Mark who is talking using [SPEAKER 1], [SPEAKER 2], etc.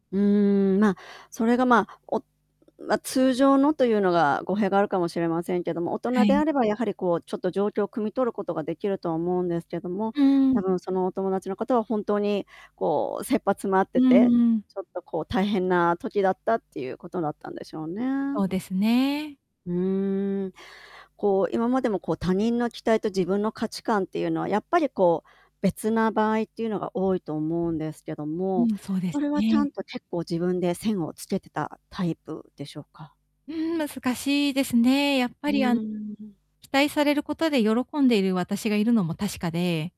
[SPEAKER 1] うーん、まあ、それがまあ、おうま、通常のというのが語弊があるかもしれませんけども、大
[SPEAKER 2] は
[SPEAKER 1] 人で
[SPEAKER 2] い。
[SPEAKER 1] あればやはり、こう、ちょっと状況を汲み取ることができるとは思うんですけども、
[SPEAKER 2] う
[SPEAKER 1] 多
[SPEAKER 2] ん。
[SPEAKER 1] 分そのお友達の方は本当に、こう、切羽詰まっ
[SPEAKER 2] う
[SPEAKER 1] て
[SPEAKER 2] ん
[SPEAKER 1] て、
[SPEAKER 2] うん。
[SPEAKER 1] ちょっとこう、大変な時だったっていうことだったんでしょう
[SPEAKER 2] そう
[SPEAKER 1] ね。
[SPEAKER 2] ですね。
[SPEAKER 1] うーん、こう、今までもこう、他人の期待と自分の価値観っていうのは、やっぱりこう、別な場合っていうのが多いと思うんですけど
[SPEAKER 2] う
[SPEAKER 1] も、
[SPEAKER 2] ん、そうで
[SPEAKER 1] そ
[SPEAKER 2] す
[SPEAKER 1] れはちゃ
[SPEAKER 2] ね。
[SPEAKER 1] んと結構自分で線をつけてたタイプでしょうか？
[SPEAKER 2] うん、難しいですね。やっぱ
[SPEAKER 1] うー
[SPEAKER 2] りあん、
[SPEAKER 1] ん、うん。
[SPEAKER 2] 期待されることで喜んでいる私がいるのも確かで。